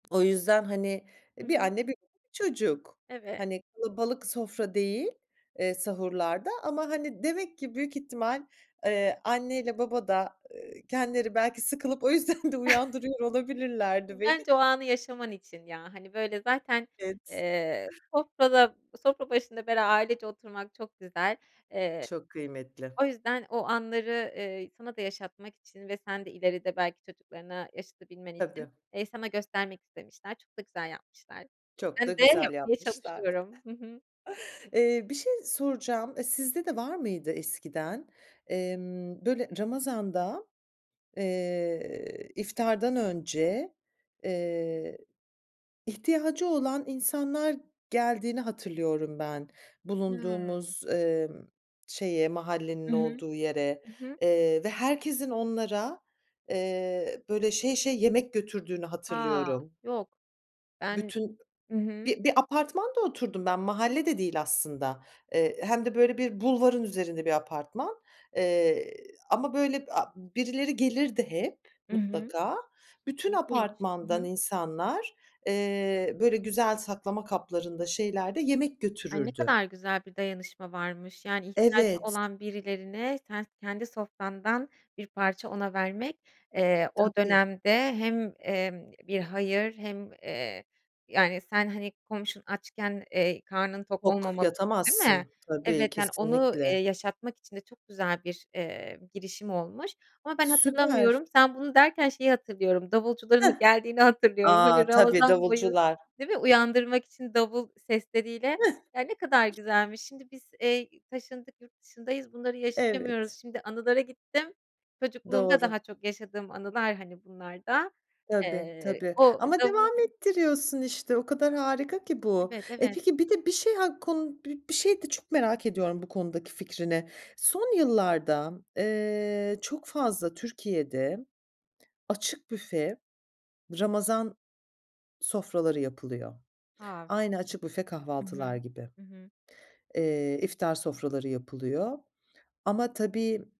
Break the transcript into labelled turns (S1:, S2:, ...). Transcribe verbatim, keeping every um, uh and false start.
S1: O yüzden, hani,
S2: Hı
S1: iii, bir
S2: hı.
S1: anne, [unintelligible] çocuk.
S2: Evet.
S1: Hani, kalabalık sofra değil, eee, sahurlarda ama, hani, demek ki büyük ihtimal, eee, anneyle baba da, eee, kendileri belki sıkılıp o yüzden de uyandırıyor olabilirlerdi
S2: Iıı,
S1: beni.
S2: bence o anı yaşaman için ya. Hani, böyle zaten,
S1: Evet.
S2: eee, sofrada, sofra başında bera ailece oturmak çok güzel. Eee,
S1: Çok kıymetli.
S2: o yüzden o anları, eee, sana da yaşatmak için ve sen de ileride belki çocuklarına yaşatabilmen için,
S1: Tabii.
S2: eee, sana göstermek istemişler. Çok da güzel yapmışlar.
S1: Çok
S2: Ben
S1: da
S2: de
S1: güzel
S2: yapmaya
S1: yapmışlar.
S2: çalışıyorum. Hı hı.
S1: Eee, bir şey soracağım, eee, sizde de var mıydı eskiden? Emm, böyle ramazanda, eee, iftardan önce, eee, ihtiyacı olan insanlar geldiğini hatırlıyorum ben,
S2: Hıı.
S1: bulunduğumuz, emm, şeye, mahallenin
S2: Hı hı.
S1: olduğu yere,
S2: Hı hı.
S1: eee, ve herkesin onlara, eee, böyle, şey şey, yemek götürdüğünü
S2: A.
S1: hatırlıyorum.
S2: Yok. Ben
S1: Bütün
S2: ı hı.
S1: bi bir apartmanda oturdum ben, mahalle de değil aslında. Eee, hem de, böyle, bir bulvarın üzerinde bir apartman, eee, ama, böyle, b aaa, birileri gelirdi hep
S2: I hı.
S1: mutlaka. Bütün
S2: İlginç. Hı
S1: apartmandan
S2: hı.
S1: insanlar, eee, böyle, güzel saklama kaplarında, şeylerde yemek
S2: Ay, ne
S1: götürürdü.
S2: kadar güzel bir dayanışma varmış. Yani, ihtiyacı
S1: Evet.
S2: olan birilerine sen kendi sofrandan bir parça ona vermek, eee, o
S1: Tabii.
S2: dönemde hem, emm, bir hayır hem, eee, yani, sen, hani, "Komşusu açken, eee, karnın tok
S1: Yok,
S2: olmamalısın." değil mi?
S1: yatamazsın tabii,
S2: Evet, yani, onu, eee,
S1: kesinlikle.
S2: yaşatmak için de çok güzel bir, eee, girişim olmuş ama ben
S1: Süper.
S2: hatırlamıyorum. Sen bunu derken şeyi hatırlıyorum,
S1: Hıh.
S2: davulcuların geldiğini hatırlıyorum. Hani,
S1: A, tabii,
S2: Ramazan boyu,
S1: davulcular.
S2: değil mi? Uyandırmak için davul sesleriyle
S1: Hıh.
S2: Ya, ne kadar güzelmiş. Şimdi biz, eee, taşındık yurt dışındayız, bunları yaşayamıyoruz.
S1: Evet.
S2: Şimdi anılara gittim. Çocukluğumda
S1: Doğru.
S2: daha çok yaşadığım anılar, hani, bunlar da.
S1: Tabii,
S2: Eee,
S1: tabii.
S2: o
S1: Ama
S2: davul
S1: devam ettiriyorsun işte. O kadar harika ki bu.
S2: Evet,
S1: Eee,
S2: evet.
S1: peki bir de bir şey, hak kun bir şey de çok merak ediyorum bu konudaki fikrini. Son yıllarda, eee, çok fazla Türkiye'de açık büfe ramazan sofraları yapılıyor.
S2: A. Hı
S1: Aynı
S2: hı.
S1: açık büfe
S2: Hı hı.
S1: kahvaltılar gibi,
S2: Hı hı.
S1: eee, iftar sofraları yapılıyor. Ama tabii